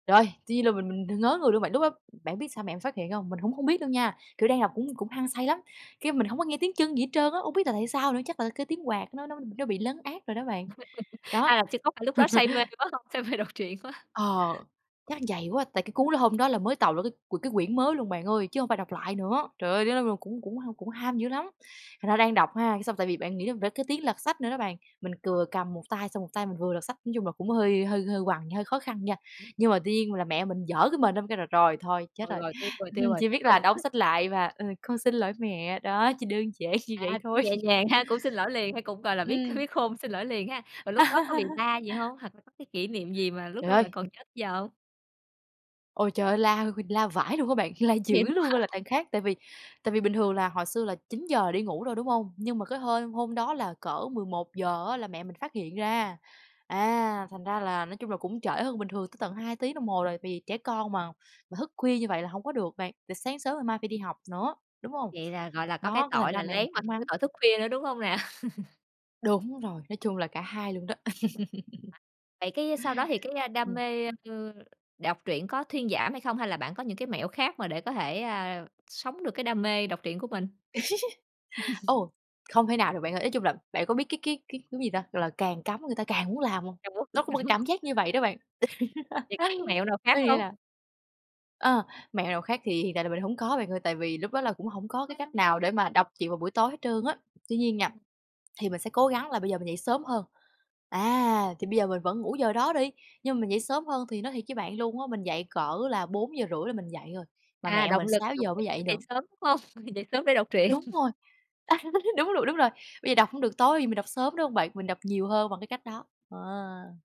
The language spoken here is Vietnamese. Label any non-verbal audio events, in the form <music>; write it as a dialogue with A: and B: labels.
A: Rồi. Tuy nhiên là mình mình đ ngớ người luôn bạn. Lúc đó bạn biết sao mẹ em phát hiện hông? Mình cũng hông biết đâu nha. Kiểu, đang đọc cũng cũng hăng say lắm, cái, mình hổng có nghe tiếng chân gì hết trơn á, hông biết là tại sao nữa, chắc là cái tiếng quạt nó nó nó bị lấn át rồi đó bạn.
B: <giggles> À,
A: Đó.
B: là thì có phải lúc đó say mê
A: <chuckles>
B: quá không? Say mê đọc truyện quá.
A: Ờ! Chắc vậy quá. Tại cái cuốn đó hôm đó là mới tạo ra cái c cái quyển mới luôn bạn ơi, chứ hông phải đọc lại nữa. Trời ơi! <unintelligible> là cũng cũng h cũng ham dữ lắm! Thành ra đang đọc ha, cái xong tại vì bạn nghĩ làm ra cái tiếng lật sách nữa đó bạn, mình vừa cầm một tay xong một tay mình vừa lật sách. Nói chung là cũng hơi hơi hơi quằn, hơi khó khăn nha.
B: <unintelligible>
A: Nhưng mà tuy nhiên là mẹ mình giở cái mền ra mình kêu là "Rồi, thôi chết
B: Rồi,
A: rồi!",
B: rồi. Tiêu rồi, tiêu
A: <scoffs>
B: rồi.
A: chỉ biết
B: Rồi
A: là
B: lúc
A: đóng
B: đó
A: sách lại và, ừ "Con xin lỗi mẹ." Đó, chỉ đơn giản như vậy
B: À, cũng
A: thôi.
B: nhẹ
A: <chuckles>
B: nhàng ha, cũng xin lỗi liền ha, cũng, gọi là, biết c
A: Ừm.
B: biết khôn, xin lỗi liền ha. Rồi lúc đó có bị la gì hông? Hoặc là có cái kỷ niệm gì mà lúc
A: Trời
B: đó
A: ơi!
B: bạn còn nhớ tới giờ hông?
A: Ôi, trời ơi! La h la vãi luôn á bạn, la dữ
B: Vậy luôn
A: luôn á là
B: hả?
A: đằng khác. Tại vì tại vì bình thường là hồi xưa là 9:00 đi ngủ rồi, đúng hông? Nhưng mà cái hôm hôm đó là cỡ 11:00 á là mẹ mình phát hiện ra. À! Thành ra là nói chung là cũng trễ hơn bình thường tới tận 2 tiếng đồng hồ rồi, vì trẻ con mà mà thức khuya như vậy là hổng có được bạn. Tại sáng sớm ngày mai phải đi học nữa, đúng hông?
B: Vậy là, gọi là, có cái
A: Đó, cái thành
B: tội
A: ra
B: là
A: mẹ
B: lén
A: mình
B: mà <unintelligible>
A: cũng
B: cái
A: mắng.
B: tội thức khuya nữa, đúng hông nè? <chuckles>
A: Đúng rồi. Nói chung là cả hai luôn đó. <chuckles>
B: <unintelligible> Vậy cái sau đó thì cái đam
A: Ừm.
B: mê, ơ, đọc truyện có thuyên giảm hay không? Hay là bạn có những cái mẹo khác mà để có thể, ờ, sống được cái đam mê đọc truyện của mình?
A: <giggles>
B: <chuckles>
A: Ồ! Không thể nào được bạn ơi, ý chung là bạn có biết cái cái cái cái gì ta? Gọi là càng cấm người ta càng muốn làm hông? Nó có một cái cảm
B: <unintelligible>
A: giác như vậy đó bạn. <chuckles>
B: Vậy có cái mẹo nào
A: Có
B: khác
A: nghĩa
B: hông?
A: là Ờ, mẹo nào khác thì hiện tại là mình hổng có bạn ơi. Tại vì lúc đó là cũng hổng có cái cách nào để mà đọc truyện vào buổi tối hết trơn á. Tuy nhiên nha,
B: Ừm.
A: thì mình sẽ cố gắng là bây giờ mình dậy sớm hơn. À! Thì bây giờ mình vẫn ngủ giờ đó đi, nhưng mà mình dậy sớm hơn thì nói thiệt với bạn luôn á, mình dậy cỡ là 4:30 là mình dậy rồi, mà
B: À,
A: mẹ
B: động
A: mình
B: lực
A: sáu
B: đọc
A: giờ mới
B: truyện
A: dậy
B: để dậy
A: được.
B: sớm, đúng hông? <sniffs> Dậy sớm để đọc truyện.
A: Đúng
B: <scoffs>
A: rồi! <chuckles> Đúng rồi, đúng rồi. Bây giờ đọc hổng được tối thì mình đọc sớm, đúng hông bạn? Mình đọc nhiều hơn bằng cái cách đó. Ờ!